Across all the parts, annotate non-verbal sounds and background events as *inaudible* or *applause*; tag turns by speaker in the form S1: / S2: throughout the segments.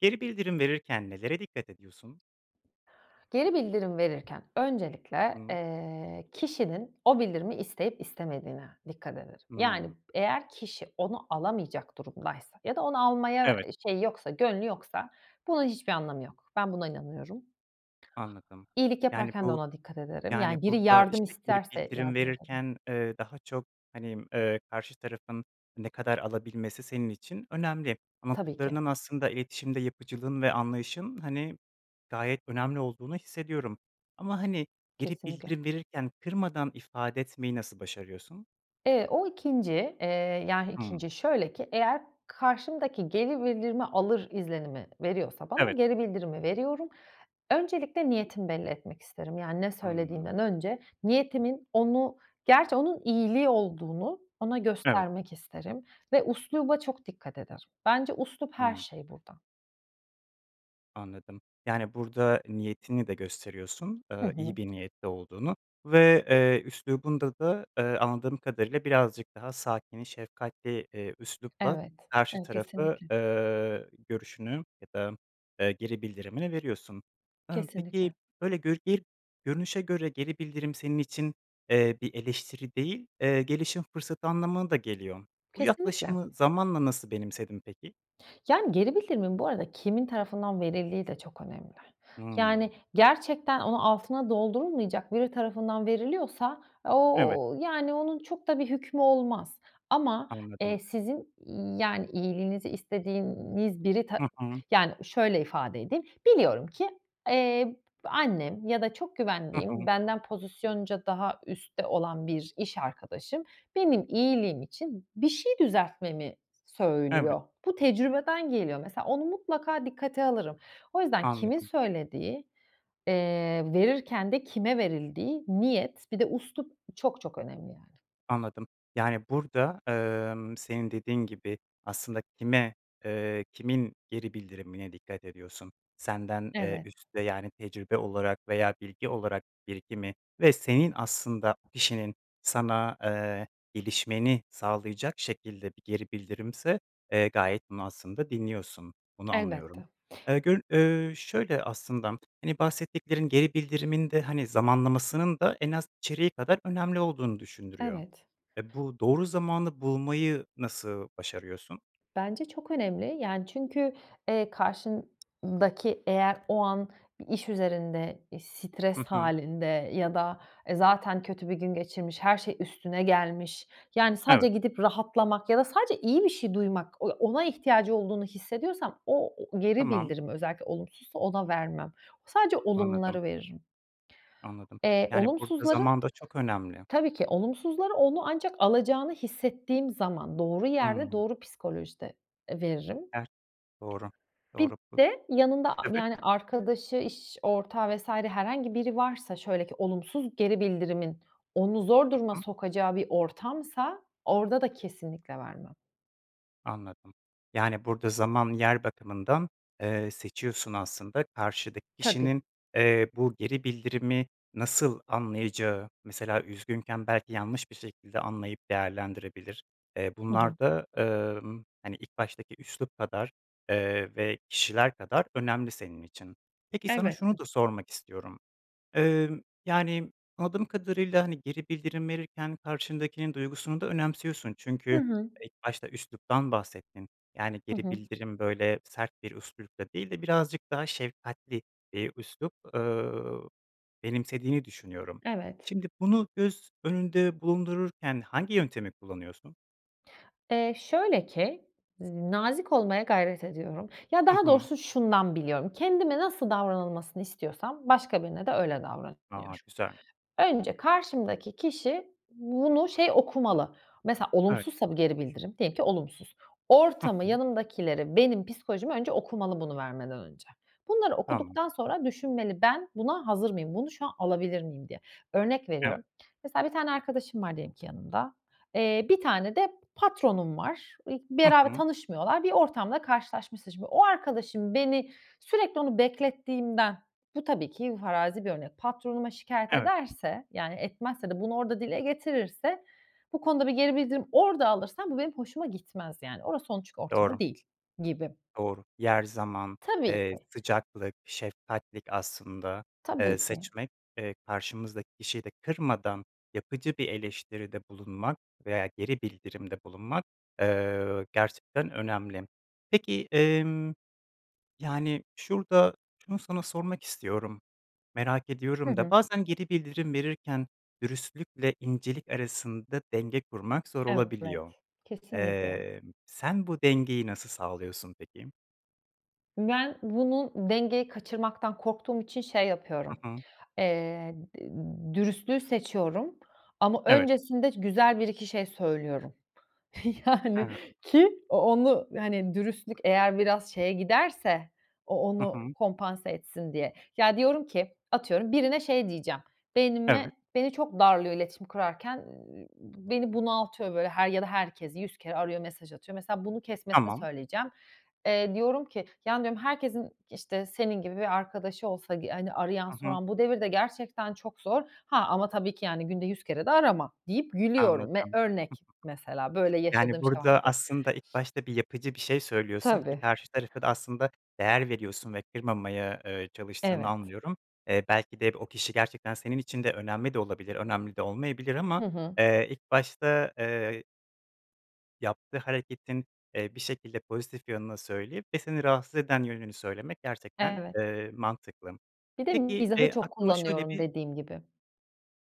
S1: Geri bildirim verirken nelere dikkat ediyorsun?
S2: Geri bildirim verirken
S1: Hı
S2: öncelikle,
S1: hı.
S2: eee, kişinin o bildirimi isteyip istemediğine dikkat ederim. Yani
S1: Hıı.
S2: eğer kişi onu alamayacak durumdaysa ya da onu almaya,
S1: Evet.
S2: eee, şeyi yoksa gönlü yoksa bunun hiçbir anlamı yok. Ben buna inanıyorum.
S1: Anladım.
S2: İyilik
S1: Yani,
S2: yaparken de
S1: bu
S2: ona dikkat ederim.
S1: yani,
S2: Yani biri
S1: burada,
S2: yardım
S1: işte, geri
S2: isterse
S1: bildirim
S2: yardım ederim.
S1: verirken, eee, daha çok, hani, eee, karşı tarafın ne kadar alabilmesi senin için önemli.
S2: Tabii ki.
S1: Anlattıklarından aslında iletişimde yapıcılığın ve anlayışın, hani, gayet önemli olduğunu hissediyorum ama, hani, geri
S2: Kesinlikle.
S1: bildirim verirken kırmadan ifade etmeyi nasıl başarıyorsun?
S2: Eee, o 2'nci eee, yah
S1: Hımm.
S2: 2'nci şöyle ki eğer karşımdaki geri bildirimi alır izlenimi veriyorsa ben o
S1: Evet.
S2: geri bildirimi veriyorum. Öncelikle niyetimi belli etmek isterim. Yani ne
S1: Hımm.
S2: söylediğimden önce niyetimin onu gerçi onun iyiliği olduğunu ona
S1: Evet.
S2: göstermek isterim ve üsluba çok dikkat ederim. Bence üslup her
S1: Anla
S2: şey burada.
S1: Anladım. Yani, burada niyetini de gösteriyorsun,
S2: Hı
S1: eee,
S2: hı.
S1: iyi bir niyetle olduğunu ve, eee, üslubunda da, eee, anladığım kadarıyla birazcık daha sakin, şefkatli, eee, üslupla
S2: Evet.
S1: karşı
S2: Ev
S1: tarafı,
S2: kesinlikle.
S1: eee, görüşünü ya da, eee, geri bildirimini veriyorsun. Eee, peki,
S2: Kesinlikle.
S1: böyle gör bir görünüşe göre geri bildirim senin için, eee, bir eleştiri değil, eee, gelişim fırsatı anlamına da geliyor. Bu
S2: Kesinlikle.
S1: yaklaşımı zamanla nasıl benimsedin peki?
S2: Yani, geri bildirimin bu arada kimin tarafından verildiği de çok önemli.
S1: Hıı.
S2: Yani, gerçekten onu, altına doldurulmayacak biri tarafından veriliyorsa,
S1: Evet.
S2: o ııı, yani onun çok da bir hükmü olmaz. Ama,
S1: Anladım.
S2: eee, sizin, iii, yani, iyiliğinizi istediğiniz biri ta
S1: Hı hı.
S2: yani, şöyle ifade edeyim: Biliyorum ki, eee, b annem ya da çok
S1: Hı
S2: güvendiğim,
S1: hı.
S2: benden pozisyonca daha üstte olan bir iş arkadaşım, benim iyiliğim için bir şey düzeltmemi
S1: Evet.
S2: söylüyor. Bu tecrübeden geliyor mesela. Onu mutlaka dikkate alırım. O yüzden kimin
S1: Anladım.
S2: söylediği, eee, verirken de kime verildiği, niyet, bir de üslup çok çok önemli, yani.
S1: Anladım, yani, burada, emm, senin dediğin gibi, aslında kime, eee, kimin geri bildirimine dikkat ediyorsun? Senden, eee,
S2: Evet.
S1: üstte, yani tecrübe olarak veya bilgi olarak birikimi ve senin aslında kişinin sana, eee, gelişmeni sağlayacak şekilde bir geri bildirimse, eee, gayet bunu aslında dinliyorsun, bunu anlıyorum.
S2: Elbette.
S1: Eee, göl eee, şöyle aslında, hani bahsettiklerin geri bildirimin de hani, zamanlamasının da en az içeriği kadar önemli olduğunu düşündürüyor.
S2: Evet.
S1: E, bu doğru zamanı bulmayı nasıl başarıyorsun?
S2: Bence çok önemli. Yani, çünkü, eee, karşın daki eğer o an bir iş üzerinde, eee,
S1: Hı
S2: stres
S1: hı.
S2: halinde ya da, e, zaten kötü bir gün geçirmiş, her şey üstüne gelmiş, yani, sadece
S1: Evet.
S2: gidip rahatlamak ya da sadece iyi bir şey duymak, on ona ihtiyacı olduğunu hissediyorsam o o geri
S1: Tamam.
S2: bildirim özellikle olumsuzsa ona vermem. Sadece
S1: Anladım.
S2: olumları veririm.
S1: Anladım.
S2: Eee,
S1: Yani, burada
S2: olumsuzların,
S1: zaman da çok önemli.
S2: tabii ki olumsuzları onun ancak alacağını hissettiğim zaman doğru yerde,
S1: Hıı.
S2: doğru psikolojide, eee, veririm.
S1: Evet, doğru,
S2: Bir
S1: doğru.
S2: de yanında a
S1: Tabii.
S2: yani, arkadaşı iş ortağı vs. herhangi biri varsa şöyle ki olumsuz geri bildirimin onu zor
S1: I
S2: duruma
S1: hı.
S2: sokacağı bir ortamsa, orada da kesinlikle vermem.
S1: Anladım, yani, burada zaman yer bakımından, eee, seçiyorsun aslında. Karşıdaki
S2: Tabii.
S1: kişinin, eee, bu geri bildirimi nasıl anlayacağı, mesela, üzgünken belki yanlış bir şekilde anlayıp değerlendirebilir, eee,
S2: Hı hı.
S1: bunlar da, emm, hani, ilk baştaki üslup kadar, eee, ve kişiler kadar önemli senin için. Peki, sana şunu
S2: Elbette.
S1: da sormak istiyorum, emm, yani, anladığım kadarıyla, hani, geri bildirim verirken karşındakinin duygusunu da önemsiyorsun
S2: Hı
S1: çünkü
S2: hı.
S1: ilk başta üsluptan bahsettin. Yani,
S2: Hı
S1: geri
S2: hı.
S1: bildirim böyle sert bir üslupla değil de birazcık daha şefkatli, eee, üslup, eee, benimsediğini düşünüyorum.
S2: Evet.
S1: Şimdi bunu göz önünde bulundururken hangi yöntemi kullanıyorsun?
S2: Eee, şöyle ki, z nazik olmaya gayret ediyorum. Ya,
S1: Hı
S2: daha
S1: hı.
S2: doğrusu şundan biliyorum, kendime nasıl davranılmasını istiyorsam başka birine de öyle
S1: A!
S2: davranıyorum.
S1: Güzel.
S2: Önce karşımdaki kişi bunu şey, okumalı, mesela,
S1: Evet.
S2: olumsuzsa bu geri bildirim, diyelim ki olumsuz.
S1: Hı
S2: Ortamı,
S1: hı.
S2: yanımdakileri, benim psikolojimi önce okumalı bunu vermeden önce. Bunları
S1: Tamam.
S2: okuduktan sonra düşünmeli, ben buna hazır mıyım, bunu şu an alabilir miyim, diye. Örnek
S1: Evet.
S2: veriyorum, mesela, bir tane arkadaşım var, diyelim ki yanımda, eee, bir tane de patronum var,
S1: Hı
S2: *unintelligible*
S1: hı.
S2: tanışmıyorlar, bir ortamda karşılaşmışsın şimdi. O arkadaşım beni sürekli onu beklettiğimden, bu tabii ki farazi bir örnek, patronuma şikâyet
S1: Evet.
S2: ederse, yani, etmezse de bunu orada dile getirirse, bu konuda bir geri bildirim orada alırsam, bu benim hoşuma gitmez yani. Orası çünkü onun ortamı
S1: Doğru.
S2: değil gibi.
S1: Doğru. Yer, zaman,
S2: Tabii
S1: eee,
S2: ki.
S1: sıcaklık, şefkatlik aslında, eee,
S2: Tabii ki.
S1: seçmek, eee, karşımızdaki kişiyi de kırmadan yapıcı bir eleştiride bulunmak veya geri bildirimde bulunmak, eee, gerçekten önemli. Peki, emm, yani, şurada şunu sana sormak istiyorum, merak
S2: Hı
S1: ediyorum da
S2: hı.
S1: bazen geri bildirim verirken dürüstlükle incelik arasında denge kurmak zor
S2: Evet,
S1: olabiliyor.
S2: kesinlikle.
S1: Eee, sen bu dengeyi nasıl sağlıyorsun peki?
S2: Ben bunu dengeyi kaçırmaktan korktuğum için şey yapıyorum,
S1: Hı hı.
S2: eee, d dürüstlüğü seçiyorum. Ama
S1: Evet.
S2: öncesinde güzel bir iki şey söylüyorum.
S1: Hı
S2: Yani,
S1: hı.
S2: ki o onu, hani, dürüstlük eğer biraz şeye giderse, o
S1: Hı
S2: onu
S1: hı.
S2: kompanse etsin diye. Ya, diyorum ki, atıyorum birine şey diyeceğim, beynime
S1: Evet.
S2: beni çok darlıyor iletişim kurarken, ııı, b beni bunaltıyor, böyle, her ya da herkesi 100 kere arıyor, mesaj atıyor. Mesela, bunu kesmesini
S1: Tamam.
S2: söyleyeceğim. Eee, diyorum ki, ya, diyorum, “Herkesin, ııı, işte, senin gibi bir arkadaşı olsa, g hani, arayan
S1: Hı hı.
S2: soran bu devirde gerçekten çok zor. Ha, ama tabii ki, yani, günde 100 kere de arama.” deyip, gülüyorum m ve
S1: Anladım. *giggles*
S2: örnek, mesela, böyle
S1: Yani,
S2: yaşadığım şey
S1: burada
S2: vardı.
S1: aslında ilk başta bir yapıcı bir şey söylüyorsun ki
S2: Tabii.
S1: karşı tarafa da aslında değer veriyorsun ve kırmamaya, ııı, çalıştığını
S2: Evet.
S1: anlıyorum. Eee, belki de b o kişi gerçekten senin için de önemli de olabilir, önemli de olmayabilir
S2: Hı
S1: ama,
S2: hı.
S1: eee, ilk başta, eee yaptığı hareketin, eee, bir şekilde pozitif yanını söyleyip ve seni rahatsız eden yönünü söylemek gerçekten,
S2: Evet.
S1: eee, mantıklı.
S2: Bir de
S1: Peki,
S2: mizahı
S1: eee,
S2: çok
S1: aklıma şöyle
S2: kullanıyorum,
S1: bir
S2: dediğim gibi.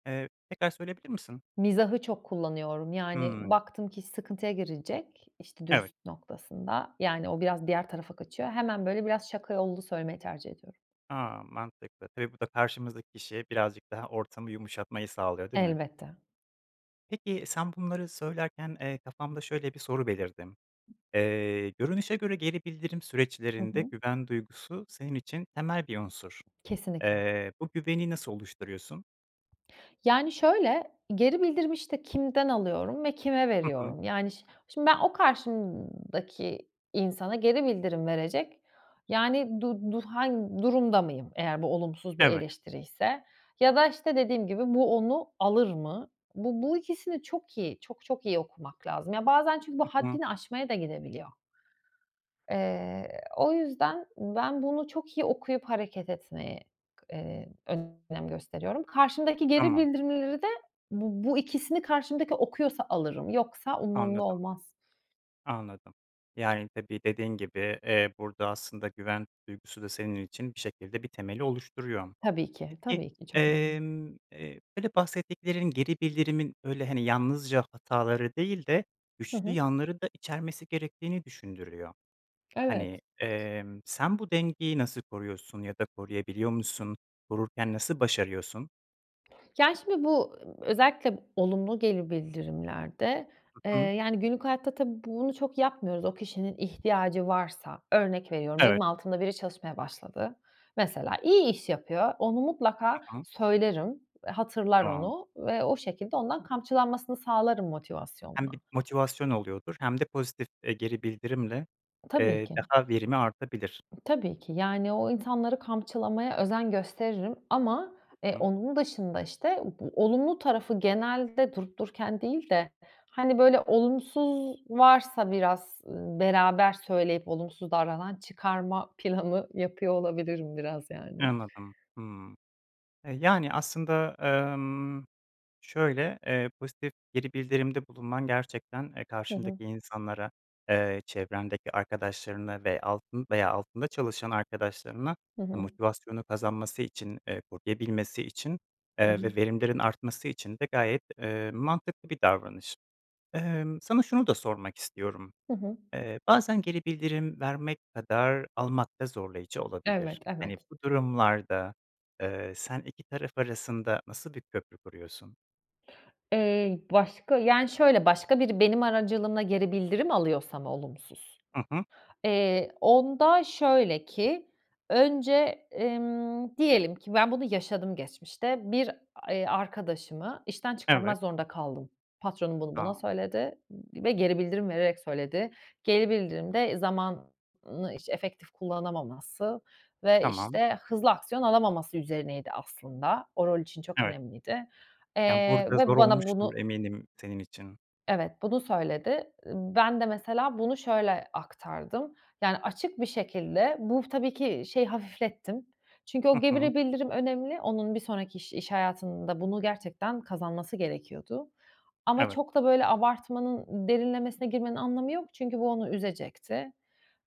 S1: Eee, tekrar söyleyebilir misin?
S2: Mizahı çok kullanıyorum. Yani,
S1: Hımm.
S2: baktım ki iş sıkıntıya girecek, işte,
S1: Evet.
S2: dürüstlük noktasında. Yani, o biraz diğer tarafa kaçıyor, hemen, böyle, biraz şaka yollu söylemeyi tercih ediyorum.
S1: A! Mantıklı, tabii bu da karşımızdaki kişiye birazcık daha ortamı yumuşatmayı sağlıyor, değil mi?
S2: Elbette.
S1: Peki, sen bunları söylerken, eee, kafamda şöyle bir soru belirdi. Eee, görünüşe göre geri bildirim
S2: Hı
S1: süreçlerinde
S2: hı.
S1: güven duygusu senin için temel bir unsur.
S2: Kesinlikle.
S1: Eee, bu güveni nasıl oluşturuyorsun?
S2: Yani, şöyle, geri bildirimi, işte, kimden alıyorum ve kime
S1: Hı hı.
S2: veriyorum? Yani, şi şimdi ben o karşımdaki insana geri bildirim verecek Yani, du du hang durumda mıyım, eğer bu olumsuz bir
S1: Evet.
S2: eleştiriyse? Ya da, işte, dediğim gibi, bu onu alır mı? Bu bu ikisini çok iyi, çok çok iyi okumak lazım. Ya, bazen çünkü bu
S1: Hı hı.
S2: haddini aşmaya da gidebiliyor. Eee, o yüzden ben bunu çok iyi okuyup hareket etmeyi, eee, k önem gösteriyorum. Karşımdaki geri
S1: Tamam.
S2: bildirimleri de bu bu ikisini karşımdaki okuyorsa alırım. Yoksa umurumda
S1: Anladım.
S2: olmaz.
S1: Anladım. Yani, tabii, dediğin gibi, eee, burada aslında güven duygusu da senin için bir şekilde bir temeli oluşturuyor.
S2: Tabii ki,
S1: Peki,
S2: tabii ki, çok önemli.
S1: emm, eee, böyle bahsettiklerinin, geri bildirimin, böyle, hani, yalnızca hataları değil de
S2: Hı
S1: güçlü
S2: hı.
S1: yanları da içermesi gerektiğini düşündürüyor.
S2: Evet.
S1: Hani, emm, sen bu dengeyi nasıl koruyorsun ya da koruyabiliyor musun? Korurken nasıl başarıyorsun?
S2: Yani, şimdi bu, ııı, özellikle b olumlu geri bildirimlerde,
S1: Hı
S2: eee,
S1: hı.
S2: yani, günlük hayatta tabii bunu çok yapmıyoruz. O kişinin ihtiyacı varsa, örnek veriyorum, benim
S1: Evet.
S2: altımda biri çalışmaya başladı. Mesela, iyi iş yapıyor. Onu mutlaka
S1: Tamam.
S2: söylerim. Eee, hatırlar
S1: Tamam.
S2: onu ve o şekilde ondan kamçılanmasını sağlarım motivasyonla.
S1: Hem bir motivasyon oluyordur hem de pozitif, eee, geri bildirimle,
S2: Tabii
S1: eee,
S2: ki.
S1: daha verimi artabilir.
S2: Tabii ki, yani, o insanları kamçılamaya özen gösteririm ama,
S1: Hı
S2: eee,
S1: hı.
S2: onun dışında, işte, u bu olumlu tarafı genelde durup dururken değil de, hani, böyle, olumsuz varsa biraz, ııı, beraber söyleyip olumsuz davranan çıkarma planı yapıyor olabilirim, biraz yani.
S1: Anladım, hımm. E, yani aslında, emm, şöyle, eee, pozitif geri bildirimde bulunman gerçekten, eee,
S2: Hı hı.
S1: karşındaki insanlara, eee, çevrendeki arkadaşlarını ve altın veya altında çalışan arkadaşlarını,
S2: Hı
S1: ha,
S2: hı.
S1: motivasyonu kazanması için, eee, koruyabilmesi için,
S2: Hı
S1: eee,
S2: hı.
S1: ve verimlerin artması için de gayet, eee, mantıklı bir davranış. Emm, sana şunu da sormak istiyorum,
S2: Hı hı.
S1: eee, bazen geri bildirim vermek kadar almak da zorlayıcı olabilir.
S2: Evet,
S1: Hani,
S2: evet.
S1: bu durumlarda, eee, sen iki taraf arasında nasıl bir köprü kuruyorsun?
S2: Iıı, başka Yani, şöyle, başka biri benim aracılığımla geri bildirim alıyorsa mı, olumsuz?
S1: Hı hı.
S2: Iıı, onda şöyle ki, önce, emm, diyelim ki, ben bunu yaşadım geçmişte. Bir a arkadaşımı işten
S1: Evet.
S2: çıkarmak zorunda kaldım. Patronum bunu bana
S1: A!
S2: söyledi, ııı, ve geri bildirim vererek söyledi. Geri bildirim de zamanı iş efektif kullanamaması ve,
S1: Tamam.
S2: işte, hızlı aksiyon alamaması üzerineydi, aslında. O rol için çok
S1: Evet.
S2: önemliydi.
S1: Yani,
S2: Eee,
S1: burada zor
S2: ve bana
S1: olmuştur
S2: bunu
S1: eminim senin için.
S2: Evet, bunu söyledi. Iıı, ben de, mesela, bunu şöyle aktardım. Yani, açık bir şekilde bu, tabii ki, şeyi hafiflettim. Çünkü o
S1: Hı hı.
S2: geri bildirim önemli. Onun bir sonraki iş iş hayatında bunu gerçekten kazanması gerekiyordu. Ama
S1: Evet.
S2: çok da, böyle, abartmanın, derinlemesine girmenin anlamı yok. Çünkü bu onu üzecekti.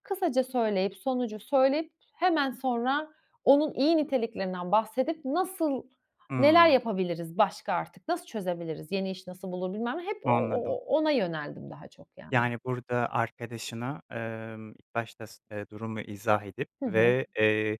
S2: Kısaca söyleyip, sonucu söyleyip, hemen sonra onun iyi niteliklerinden bahsedip, nasıl, neler
S1: Hımm.
S2: yapabiliriz başka artık, nasıl çözebiliriz, yeni iş nasıl bulur, bilmem ne. Hep o o
S1: Anladım.
S2: ona yöneldim daha çok, yani.
S1: Yani, burada arkadaşına, ımm, ilk başta s eee, durumu izah edip
S2: Hı hı.
S1: ve, eee,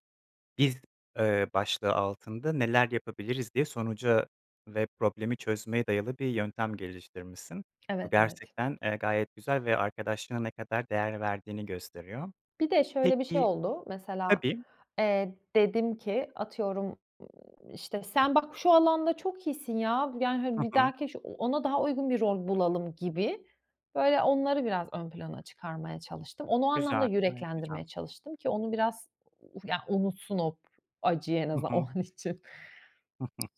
S1: “Biz,” ııı, başlığı altında neler yapabiliriz diye sonuca ve problemi çözmeye dayalı bir yöntem geliştirmişsin. Bu
S2: Evet, evet.
S1: gerçekten, eee, gayet güzel ve arkadaşlığa ne kadar değer verdiğini gösteriyor.
S2: Bir de şöyle bir şey
S1: Peki
S2: oldu. Mesela,
S1: Tabii.
S2: eee, dedim ki, atıyorum, ımm, işte, sen bak, şu alanda çok iyisin, ya. Yani, hani,
S1: Hı
S2: bir
S1: hı.
S2: dahaki iş ona daha uygun bir rol bulalım gibi. Böyle, onları biraz ön plana çıkarmaya çalıştım. Onu o anlamda
S1: Güzel. Gayet güzel.
S2: yüreklendirmeye çalıştım ki onu biraz u ya unutsun o p acıyı, en
S1: Hı
S2: azından
S1: hı.
S2: o an için.
S1: *giggles*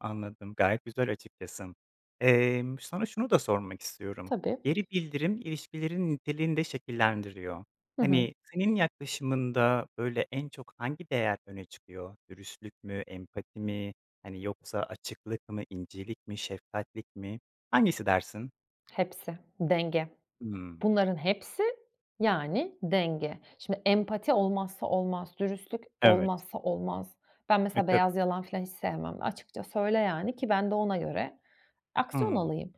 S1: Anladım, gayet güzel açıkçası. Emm, sana şunu da sormak istiyorum:
S2: Tabii.
S1: Geri bildirim ilişkilerin niteliğini de şekillendiriyor.
S2: Hı hı.
S1: Hani, senin yaklaşımında, böyle, en çok hangi değer öne çıkıyor? Dürüstlük mü, empati mi, hani, yoksa açıklık mı, incelik mi, şefkatlik mi? Hangisi dersin?
S2: Hepsi, denge.
S1: Hımm.
S2: Bunların hepsi, yani, denge. Şimdi empati olmazsa olmaz. Dürüstlük
S1: Evet.
S2: olmazsa olmaz. Ben
S1: E,
S2: mesela
S1: tabii.
S2: beyaz yalan filan hiç sevmem. Açıkça söyle, yani, ki ben de ona göre aksiyon
S1: Hımm.
S2: alayım.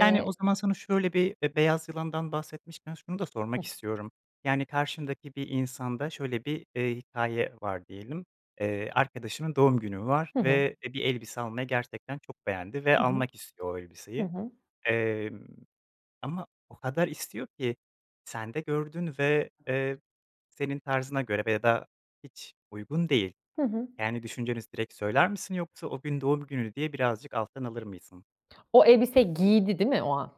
S1: Yani, o zaman sana şöyle bir b beyaz yalandan bahsetmişken şunu da
S2: Hıh.
S1: sormak istiyorum, yani, karşındaki bir insanda şöyle bir, eee, hikâye var diyelim. Eee, arkadaşının doğum günü var
S2: Hı hı.
S1: ve, eee, bir elbise almaya gerçekten çok beğendi ve
S2: Hı hı.
S1: almak istiyor o
S2: Hı
S1: elbiseyi.
S2: hı.
S1: Emm, ama o kadar istiyor ki sen de gördün ve, eee, senin tarzına göre veya da hiç uygun değil.
S2: Hı hı.
S1: Yani, düşünceniz direkt söyler misin yoksa o gün doğum günü diye birazcık alttan alır mısın?
S2: O elbiseyi giydi, değil mi o an?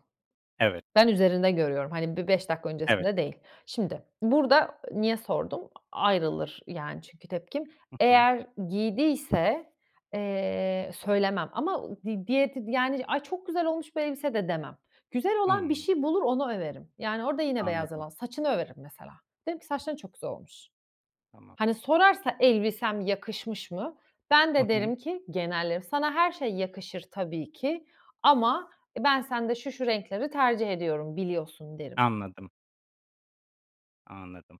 S1: Evet.
S2: Ben üzerinde görüyorum. Hani, bir 5 dakika
S1: Evet.
S2: öncesinde değil. Şimdi, burada niye sordum? A ayrılır, yani, çünkü tepkim.
S1: Hı hı.
S2: Eğer giydiyse, eee, söylemem ama u di diye tid yani, "Ay, çok güzel olmuş bu elbise." de demem. Güzel olan bir
S1: Hımm.
S2: şey bulur onu överim. Yani orada yine beyaz
S1: Anladım.
S2: yalan saçını överim mesela. Derim ki: "Saçların çok güzel olmuş."
S1: Tamam.
S2: Hani, sorarsa, "Elbisem yakışmış mı?" Ben
S1: Hı
S2: de
S1: hı.
S2: derim ki genellerim, "Sana her şey yakışır tabii ki ama, e, ben sende şu şu renkleri tercih ediyorum, biliyorsun." derim.
S1: Anladım. Anladım,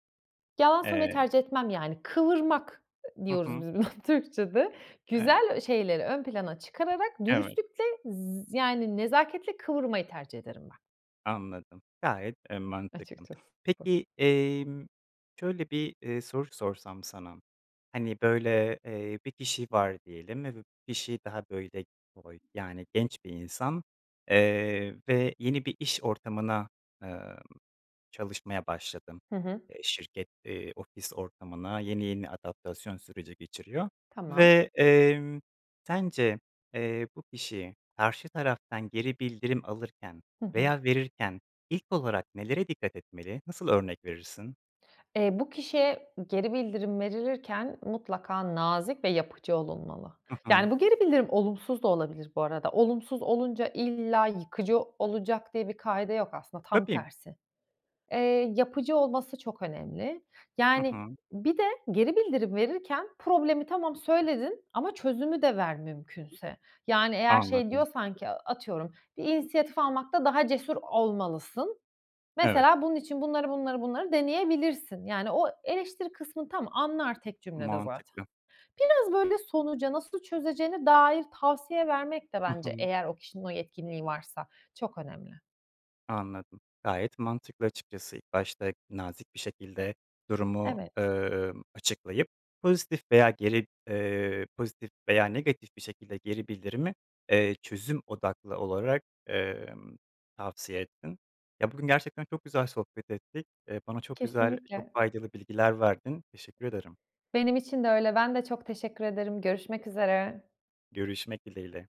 S2: Yalan söylemeyi
S1: eee
S2: tercih etmem yani. Kıvırmak
S1: Hı
S2: diyoruz
S1: hı.
S2: biz buna Türkçede.
S1: Evet.
S2: Güzel ö şeyleri ön plana çıkararak
S1: Evet.
S2: dürüstlükle z yani nezaketle kıvırmayı tercih ederim ben.
S1: Anladım, gayet, eee, mantıklı.
S2: Açıkçası bu.
S1: Peki, emm, şöyle bir, eee, soru sorsam sana, hani, böyle, eee, bir kişi var diyelim ve bu kişi daha, böyle, toy yani genç bir insan, eee, ve yeni bir iş ortamına, emm, çalışmaya başladın,
S2: Hı hı.
S1: eee, şirket, eee, ofis ortamına, yeni yeni adaptasyon süreci geçiriyor
S2: Tamam.
S1: ve, emm, sence, eee, bu kişi karşı taraftan geri bildirim alırken
S2: Hı hı.
S1: veya verirken ilk olarak nelere dikkat etmeli? Nasıl örnek verirsin?
S2: Eee, bu kişiye geri bildirim verilirken mutlaka nazik ve yapıcı olunmalı.
S1: Hı hı.
S2: Yani, bu geri bildirim olumsuz da olabilir bu arada. Olumsuz olunca illa yıkıcı olacak diye bir kaide yok, aslında tam
S1: Tabii.
S2: tersi. Eee, yapıcı olması çok önemli.
S1: Hı
S2: Yani,
S1: hı.
S2: bir de geri bildirim verirken problemi tamam, söyledin ama çözümü de ver mümkünse. Yani eğer şey
S1: Anladım.
S2: diyorsan ki atıyorum, "Bir inisiyatif almakta daha cesur olmalısın.
S1: Evet.
S2: Mesela bunun için bunları, bunları, bunları deneyebilirsin." Yani, o eleştiri kısmını tamam, anlar tek cümlede zaten.
S1: Mantıklı.
S2: Biraz böyle sonuca, nasıl çözeceğine dair tavsiye vermek de
S1: Hı
S2: bence
S1: hı.
S2: eğer o kişinin o yetkinliği varsa çok önemli.
S1: Anladım, gayet mantıklı, açıkçası. İlk başta nazik bir şekilde durumu,
S2: Evet.
S1: emm, açıklayıp pozitif veya geri eee, pozitif veya negatif bir şekilde geri bildirimi, eee, çözüm odaklı olarak, emm, tavsiye ettin. Ya, bugün gerçekten çok güzel sohbet ettik, eee, bana çok güzel, çok
S2: Kesinlikle.
S1: faydalı bilgiler verdin. Teşekkür ederim.
S2: Benim için de öyle. Ben de çok teşekkür ederim. Görüşmek üzere.
S1: Görüşmek dileğiyle.